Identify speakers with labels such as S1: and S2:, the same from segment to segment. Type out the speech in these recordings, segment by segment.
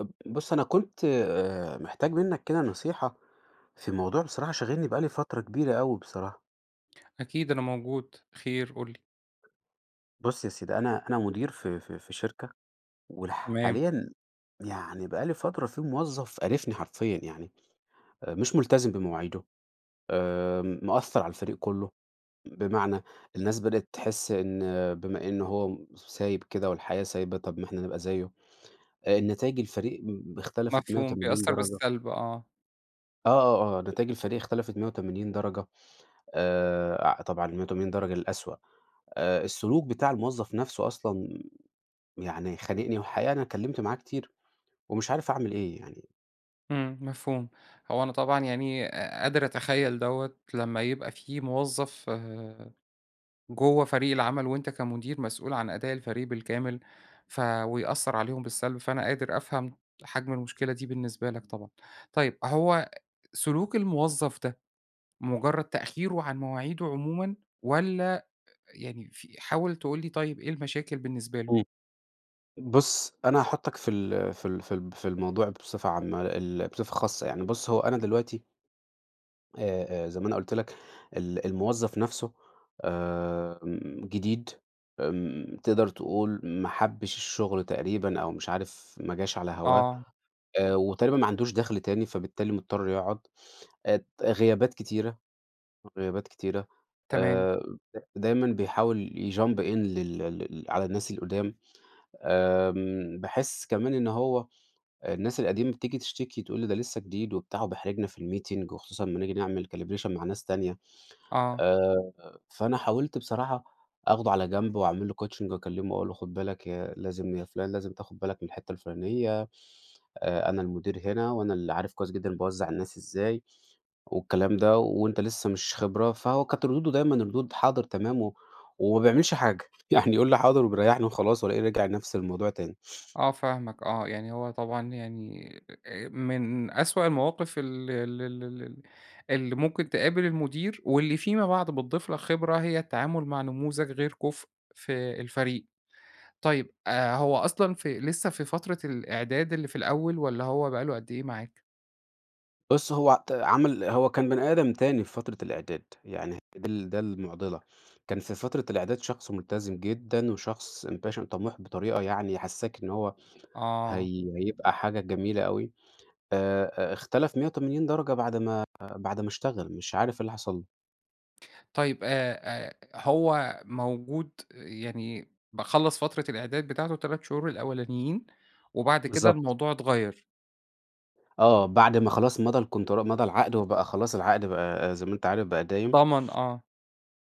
S1: اب بُص، أنا كنت آآ محتاج منّك كده نصيحة في موضوع بصراحة شاغلني بقى لي فترة كبيرة أوي بصراحة.
S2: أكيد، أنا موجود. خير قُل لي.
S1: بُص يا سيدي، أنا أنا مُدير في في في شركة وال
S2: تمام.
S1: حاليًا يعني بقى لي فترة في موظّف قارفني حرفيًا. يعني أ مش مُلتزم بمواعيده، آآ م مأثّر على الفريق كُلّه، بمعنى الناس بدأت تحِس إن بما إن هو م س سايب كده والحياة سايبة، طب ما إحنا نبقى زيّه. آآ نتايج الفريق م ب اختلفت مِيّة
S2: مفهوم.
S1: وتمانين
S2: بيأثّر
S1: درجة.
S2: بالسلب آه.
S1: آه، آه، آه. نتايج الفريق اختلفت مِيّة وتمانين درجة. آآ أع طبعًا المِيّة وتمانين درجة للأسوأ. أ السلوك بتاع الموظّف نفسه أصلًا يعني خانقني، وحقيقة أنا اتكلّمت معاه كتير، ومش عارف أعمل إيه يعني؟
S2: إمم، مفهوم. هو أنا طبعًا يعني أ قادر أتخيّل دوّة، لمّا يبقى في موظّف جوّه فريق العمل وأنت كمدير مسؤول عن أداء الفريق بالكامل، ف ويأثّر عليهم بالسلب. فأنا قادر أفهم حجم المشكلة دي بالنسبة لك طبعًا. طيب، هو سلوك الموظّف ده، مُجرّد تأخيره عن مواعيده عمومًا، والّا أ يعني في حاول تقول لي طيب إيه المشاكل بالنسبة له؟
S1: إمم. بُص، أنا هاحُطّك في ال في ال في ال في الموضوع بصفة عامة. ال بصفة خاصة. يعني بُص، هو أنا دلوقتي آآ أ زي ما أنا قُلت لك ال الموظّف نفسه آمم جديد. آمم تقدر تقول ما حبّش الشغل تقريبًا، أو مش عارف ما جاش على هواه.
S2: آه.
S1: أ وتقريبًا ما عندوش دَخْل تاني فبالتالي مضطر يقعد. ات غيابات كتيرة، غيابات كتيرة.
S2: تمام.
S1: آآ [unintelligible] دايمًا بيحاول يjump in لل ال على الناس القُدام. آمم باحِس كمان إن هو الناس القديمة بتيجي تشتكي، تقول لي ده لسّه جديد وبتاع وبيحرجنا في الmeeting، وخصوصّا أمّا نيجي نعمل calibration مع ناس تانية.
S2: آه.
S1: آآ فأنا حاولت بصراحة أخده على جنب، واعمل له coaching واكلّمه واقول له خُد بالك يا لازم يا فُلان لازم تاخُد بالك من الحتّة الفُلانية. أ أنا المدير هنا، وأنا اللي عارف كويس جدًا أنا باوزّع الناس إزاي، والكلام ده وأنت لسّه مش خبرة. فهو كانت ردوده دايمًا، ردود حاضر، تمام و وما بيعملش حاجة. يعني يقول لي حاضر وبيريّحني وخلاص، والاقيه رجع نفس الموضوع تاني.
S2: آه فاهمك آه. يعني هو طبعًا يعني أ من أسوأ المواقف ال ال ال ال اللي ممكن تقابل المدير، واللي فيما بعد بتضيف لك خبرة، هي التعامل مع نموذج غير كُفء في الفريق. طيب، أ هو أصلًا في لسّه في فترة الإعداد اللي في الأول، والّا هو بقى له قد إيه معاك؟
S1: بُص هو عت عمل هو كان بني آدم تاني في فترة الإعداد، يعني دي ال ده المُعضِلة، كان في فترة الإعداد شخص ملتزم جدًا وشخص Passion طَموح بطريقة يعني، يحسِّسك إن هو
S2: آه.
S1: هي هيبقى حاجة جميلة أوي، آآ، أ إختلف مِيَّة وتمانين درجة بعد ما بعد ما إشتغل، مش عارف إيه اللي حَصل له!
S2: طيب، آآ، آآ، هو موجود، يعني با خلَّص فترة الإعداد بتاعته ال3 شهور الأوّلانيين وبعد كده
S1: بالضبط.
S2: الموضوع اتغيّر.
S1: آه، بعد ما خلاص مضَى الContra مضَى العَقد، وبقى خلاص العَقد بقى زي ما أنت عارف بقى دايم.
S2: ضَمَن، آه.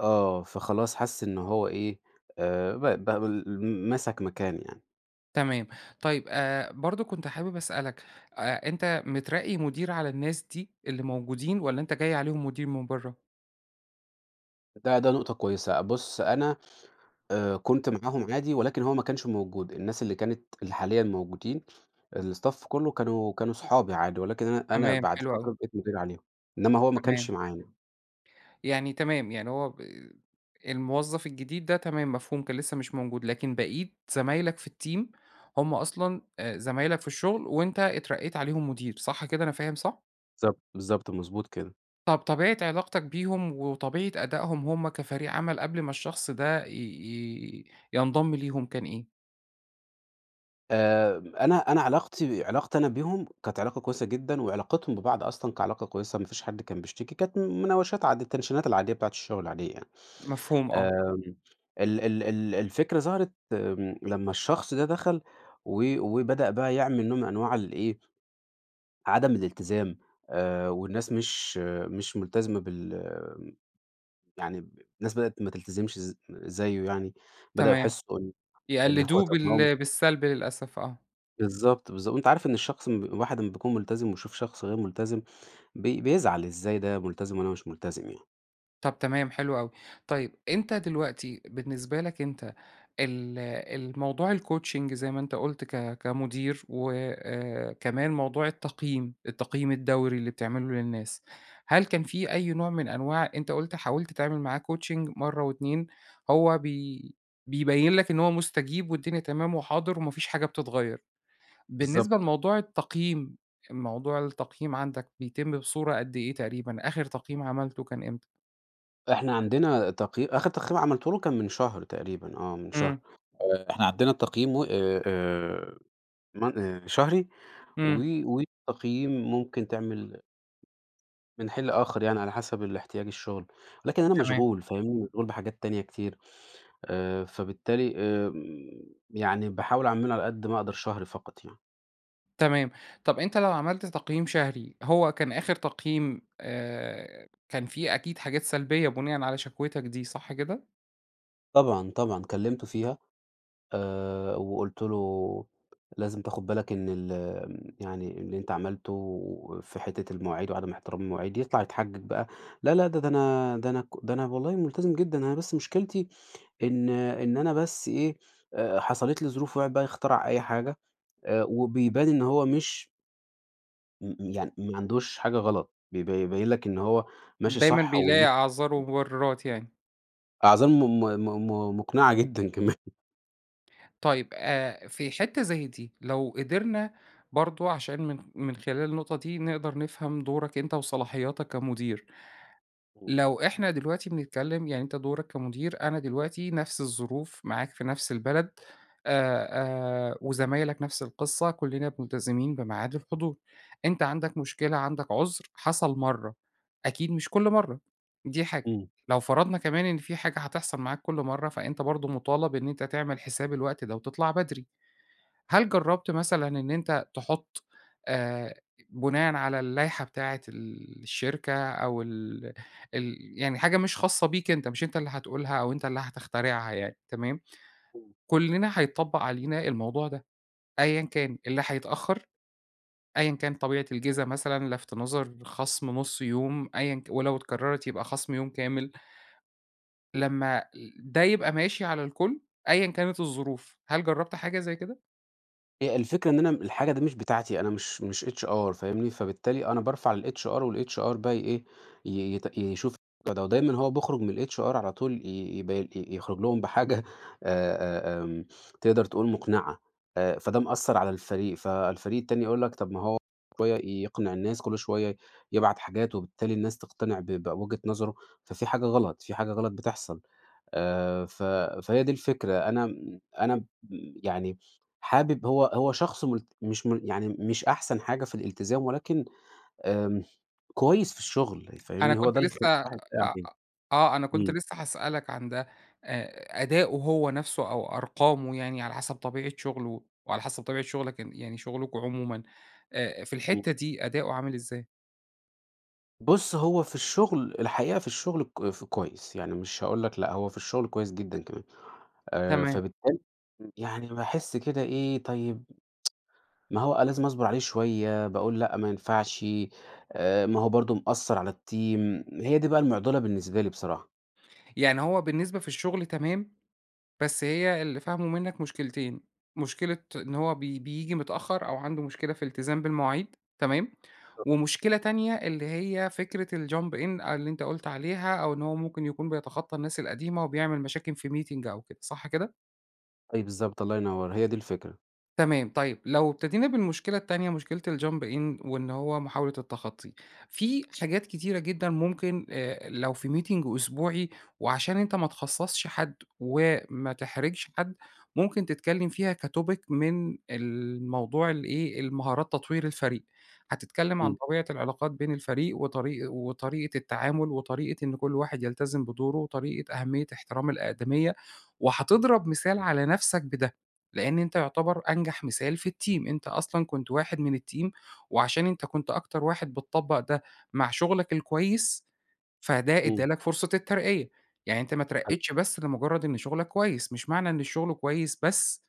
S1: آه، فخلاص حَسّ إن هو إيه، آآ، ب بابل مسَك مكان يعني.
S2: تمام. طيب آآ، برضه كنت حابب أسألك، آآ أنت مترقّي مدير على الناس دي اللي موجودين والّا أنت جاي عليهم مدير من برَّه؟
S1: ده ده نُقطة كويّسة. بٌص، أنا آآ، كنت معاهم عادي ولكن هو ما كانش موجود، الناس اللي كانت، اللي حاليًا موجودين الStaff كُلّه كانوا كانوا صُحابي عادي، ولكن أنا أنا
S2: تمام،
S1: بَعْد
S2: حلو
S1: فترة
S2: أوي.
S1: بقيت مدير عليهم، إنّما هو ما
S2: تمام.
S1: كانش معانا.
S2: يعني تمام، يعني هو ب الموظّف الجديد ده تمام، مفهوم، كان لسّه مش موجود لكن بقِيت زمايلك في الTeam هُم أصلًا آآ، زمايلك في الشغل وأنت اترقّيت عليهم مدير، صح كده، أنا فاهم صح؟
S1: بالضبط، بالضبط .مضبوط كده.
S2: طب طبيعة علاقتك بيهم، وطبيعة أدائهم هم كفريق عَمَل قبل ما الشخص ده ي ي ينضم ليهم كان إيه؟
S1: آآ أنا أنا علاقتي علاقتي أنا بيهم، كانت علاقة كويسة جدًا، وعلاقتهم ببعض أصلًا كعلاقة كويسة ما فيش حد كان بيشتكي. كانت مناوشات عاد التنشينات العادية بتاعة الشغل العادية يعني.
S2: مفهوم آه.
S1: آمم ال ال ال الفكرة ظهرت آمم لمّا الشخص ده دخل و وبدأ بقى يعمل نوع من أنواع ال إيه، عدم الإلتزام آآ والناس مش مش مُلتزمة بال يعني ب الناس بدأت ما تلتزمش ز زيّه يعني. بدأوا
S2: تمام.
S1: يحسّوا إن إن هو
S2: يقلِّدوه
S1: طب ما هو مش
S2: بال بالسلب للأسف آه.
S1: بالضبط، بالضبط. وأنت عارف إن الشخص م الواحد لمّا بيكون مُلتزم، ويشوف شخص غير مُلتزم بي بيزعل. إزاي ده ملتزم وأنا مش ملتزم يعني؟!
S2: طب تمام، حلو أوي. طيب، أنت دلوقتي بالنسبة لك أنت ال الموضوع الcoaching زي ما أنت قلُت ك كمُدير، وآآ كمان موضوع التقييم. التقييم الدوري اللي بتعمله للناس. هل كان في أي نوع من أنواع أنت قُلت حاولت تعمل معاه coaching مرّة و2 هو بي بيبيّن لك إن هو مُستَجيب والدنيا تمام وحاضر، وما فيش حاجة بتتغيّر. بالنسبة
S1: بالضبط.
S2: لموضوع التقييم، موضوع التقييم عندك بيتم بصورة قد إيه تقريبًا؟ آخر تقييم عملته كان إمتى؟
S1: إحنا عندنا تقيي آخر تقييم عملته له كان من شهر تقريبًا، آه من شهر،
S2: إمم.
S1: آآ إحنا عندنا التقييم و آآ آآ من آآ شهري و
S2: إمم.
S1: والتقييم ممكن تعمل من حين لآخر يعني على حسب الإحتياج الشغل، لكن أنا
S2: تمام.
S1: مشغول فاهمني؟ مشغول بحاجات تانية كتير، آآ فبالتالي آمم، يعني باحاول أعمله على قد ما أقدر شهري فقط يعني.
S2: تمام. طب أنتَ لو عملت تقييم شهري، هو كان آخر تقييم، آآ كان في أكيد حاجات سلبية بناءً على شكوِتَك دي، صح كده؟
S1: طبعًا، طبعًا كلمته فيها، آآ وقُلت له لازم تاخد بالك إن ال آمم، يعني اللي أنت عملته في حتّة المواعيد وعدم إحترام المواعيد، يطلع يتحجج بقى، لا لا ده ده أنا ده أنا ك ده أنا والله ملتزم جدًا، أنا بس مشكلتي إن إن أنا بس إيه، آآ حصلت لي ظروف ويقعد بقى يخترع أي حاجة، آآ وبيبان إن هو مش م م يعني ما عندوش حاجة غلط، بي يبين لك إن هو ماشي
S2: دايمًا
S1: صح و.
S2: بيلاقي أعذار
S1: [unintelligible]
S2: ومبررات يعني.
S1: أظن م م م م مُقنِعة جدًا كمان
S2: طيب آآ، في حِتّة زي دي، لو قِدرنا برضه عشان من من خلال النقطة دي نقدر نفهَم دورك أنت وصلاحياتك كمدير.
S1: امم.
S2: لو إحنا دلوقتي بنتكلّم، يعني أنت دورك كمدير، أنا دلوقتي نفْس الظروف، معاك في نفْس البلد آآ، آآ، وزمايلك نفْس القِصّة كُلِّنا مُلتزمين بميعاد الحضور، أنت عندك مشكلة، عندك عُذر، حصل مرَّة أكيد مش كل مرَّة. دي حاجة.
S1: إمم.
S2: لو فرَضنا كمان إن في حاجة هتحصَل معاك كل مرَّة، فأنت برضه مُطالب إن أنت تعمل حساب الوقت ده وتطلَع بدري. هل جرّبت مثلًا إن أنت تحُط آآ بُناءً على اللايحة بتاعة ال الشركة أو ال ال يعني حاجة مش خاصة بيك أنت، مش أنت اللي هتقولها أو أنت اللي هتخترعها يعني، تمام؟
S1: إمم.
S2: كُلِّنا هيتطبّق علينا الموضوع ده، أيًا كان، اللي هيتأخر، أيًا كان طبيعة الجِزا مثلًا، لَفْت نَظَر، خَصم نُص يوم أيًا ك ولو اتكرَّرِت يبقى خَصم يوم كامِل. لمّا ده يبقى ماشي على الكُل، أيًا كانت الظروف، هل جرَّبت حاجة زي كده؟
S1: هي الفكرة إن أنا م الحاجة دي مش بتاعتي، أنا مش مش HR فاهمني؟ فبالتالي أنا بارفع للHR والHR بقي ي إيه ي يت يشوف الموضوع ده، ودايمًا هو بيخرج من الHR على طول ي يب ي يُخرج لهم بحاجة أ أ آمم، تقدر تقول مقنعة، آآ فده مأثّر على الفريق، فالفريق التاني يقول لَك طب ما هو شوية يقنع الناس، كل شويّة يبعت حاجات وبالتالي الناس تقتنع ب بوِجهة نظره، ففي حاجة غلط، في حاجة غلط بتحصل، آآ ف فهي دي الفكرة أنا م أنا م يعني، حابب هو هو شخص مل مش مل يعني مش أحسن حاجة في الالتزام، ولكن آمم كويس في الشغل
S2: أنا
S1: فاهمني؟ هو
S2: كنت
S1: ده اللي يخلي
S2: لسه
S1: الواحد باقي
S2: أ
S1: عليه،
S2: آه أنا كنت
S1: إمم.
S2: لسه هاسألك عن ده، أ أدائه هو نفسه أو أرقامه يعني على حسب طبيعة شغله، وعلى حسب طبيعة شغلك ان يعني شغلكم عمومًا، آآ في
S1: إمم.
S2: الحتة دي أداؤه عامل إزاي؟
S1: بُص هو في الشغل، الحقيقة في الشغل ك ف كويس، يعني مش هاقول لَك لأ هو في الشغل كويس جدًا كمان، آآ
S2: تمام.
S1: فبالتالي يعني باحس كده إيه طيب، ما هو أنا لازم أصبر عليه شويّة، باقول لأ ما ينفعش، آآ ما هو برضو مأثّر على الteam هي دي بقى المعضلة بالنسبة لي بصراحة.
S2: يعني هو بالنسبة في الشغل تمام، بس هي اللي فاهمُه مِنك مُشكلتين، مشكلة إن هو بي بييجي متأخر، أو عَنده مُشكلة في التزام بالمواعيد، تمام.
S1: [unintelligible]
S2: ومشكلة تانية، اللي هي فكرة الjump in أ اللي أنت قُلت عليها، أو إن هو مُمكن يكون بيتخطى الناس القديمة، وبيعمل مشاكل في meeting أو كده. صح كده؟
S1: أي بالضبط الله ينور. هي دي الفكرة.
S2: تمام طيب. لو ابتدينا بالمشكلة التانية، مُشكلة الjump in وإن هو مُحاولة التخطي في حاجات كتيرة جدًا مُمكن آآ لو في meeting أسبوعي وعشان أنت ما تخصَصش حد، وما تحرجش حد، مُمكن تتكلم فيها كtopic من الموضوع ال إيه المهارات تطوير الفريق. هتتكلم عن
S1: إمم.
S2: طبيعة العلاقات بين الفريق وطريق وطريقة التعامل، وطريقة إن كل واحد يلتزم بدوره، وطريقة أهمية احترام الأقدمية، وهتضرب مثال على نفسك بده. لأن أنت يُعتبر أنجح مثال في الteam أنت أصلًا كُنت واحد من الteam وعشان أنت كُنت أكتر واحد بتطبق ده مع شُغلك الكويس، فده ادّى
S1: إمم.
S2: لَك فُرصة الترقية، يعني أنت ما
S1: حلو.
S2: اترقيتش بس لمُجرد إن شُغلك كويس، مش معنى إن الشغل كويس بس،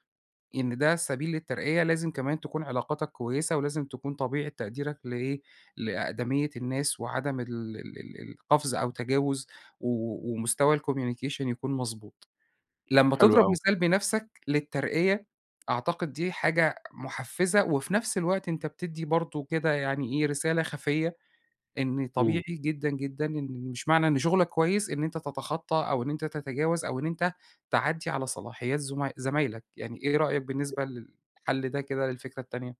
S2: إن ده سبيل للترقية. لازم كمان تكون علاقاتك كويسة، ولازم تكون طبيعة تقديرك لإيه لأقدمية الناس وعدم ال ال القفز أو تجاوز و ومستوى الcommunication يكون مضبوط. لما
S1: حلو
S2: تضرب
S1: أوي.
S2: مثال بنفسك للترقية أعتقد دي حاجة مُحفزة، وفي نفس الوقت أنت بتدّي برضه كده يعني إيه رسالة خَفية إن طبيعي
S1: إمم.
S2: جدًا جدًا إن مش معنى إن شُغلك كويس إن أنت تتخطى، أو إن أنت تتجاوز أو إن أنت تعدّي على صلاحيات زُما زمايلك يعني إيه رأيك بالنسبة للحل ده كده للفكرة التانية؟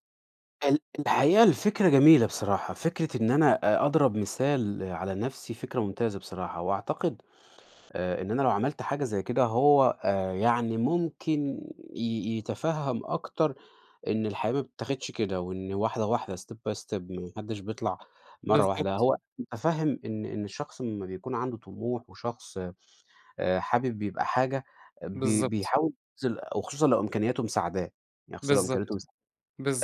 S1: ال الحقيقة الفكرة جميلة بصراحة، فكرة إن أنا أ أضرب مثال على نفسي فكرة ممتازة بصراحة، وأعتقد آآ إن أنا لو عملت حاجة زي كده هو آآ يعني ممكن ي يتفَهَم أكتر إن الحياة ما بتتاخدش كده، وإن واحدة واحدة step by step، ما حدش بيطلع مرة واحدة، يعني
S2: بالضبط.
S1: هو متفهم إن إن الشخص لما بيكون عنده طموح، وشخص آآ حابب يبقى حاجة بي
S2: بالضبط.
S1: بيحاول يبذل وخصوصًا لو إمكانياته مساعداه، يعني خصوصًا لو إمكانياته
S2: بالضبط،
S1: مساع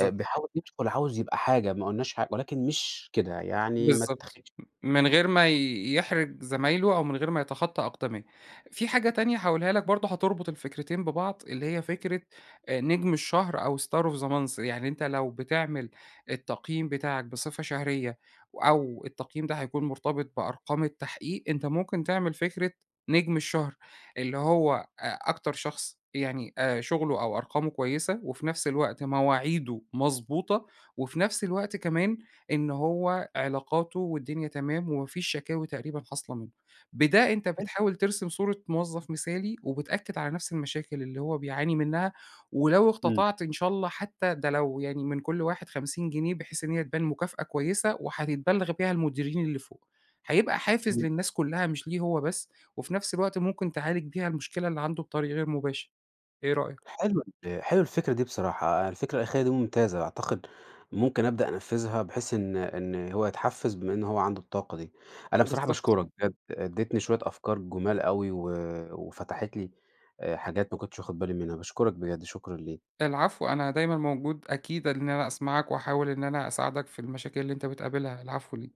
S1: آآ بيحاول يدخل عاوز يبقى حاجة، ما قلناش ح ولكن مش كده يعني ما
S2: بالضبط
S1: تتاخدش
S2: م من غير ما يحرج زمايله أو من غير ما يتخطى أقدميه، في حاجة تانية هاقولها لَك برضو هتربط الفكرتين ببعض اللي هي فكرة آآ نجم الشهر أو Star Of The Month، يعني أنتَ لو بتعمل التقييم بتاعك بصفة شهرية، أو التقييم ده هيكون مرتبط بأرقام التحقيق، أنتَ ممكن تعمل فكرة نجم الشهر، اللي هو أ أكتر شخص يعني آآ شغله أو أرقامه كويسة، وفي نفس الوقت مواعيده مضبوطة، وفي نفس الوقت كمان إن هو علاقاته والدنيا تمام ومافيش شكاوي تقريبًا حاصلة منه، بده أنتَ
S1: حلو.
S2: بتحاول ترسم صورة موظف مثالي، وبتأكد على نفس المشاكل اللي هو بيعاني منها، ولو
S1: إمم.
S2: اقتطعت إن شاء الله حتى ده لو يعني من كل واحد 50 جنيه، بحيث إن هي تبان مكافأة كويسة، وحتتبلغ بيها المديرين اللي فوق، هيبقى حافز
S1: إمم.
S2: للناس كلها مش ليه هو بس، وفي نفس الوقت ممكن تعالج بيها المشكلة اللي عنده بطريق غير مباشر. إيه رأيك؟
S1: حلوة ال حلوة الفكرة دي بصراحة، يعني الفكرة الأخيرة دي ممتازة، أعتقد ممكن أبدأ أنفذها، بحيث إن إن هو يتحفز بما إن هو عنده الطاقة دي. أنا بصراحة
S2: بالضبط.
S1: باشكرك بجد، اديتني شوية أفكار جُمال أوي و وفتحت لي آآ حاجات ما كنتش واخد بالي منها. باشكرك بجد، شكرًا ليك.
S2: العفو، أنا دايمًا موجود أكيد إن أنا أسمعك، وأحاول إن أنا أساعدك في المشاكل اللي أنتَ بتقابلها. العفو ل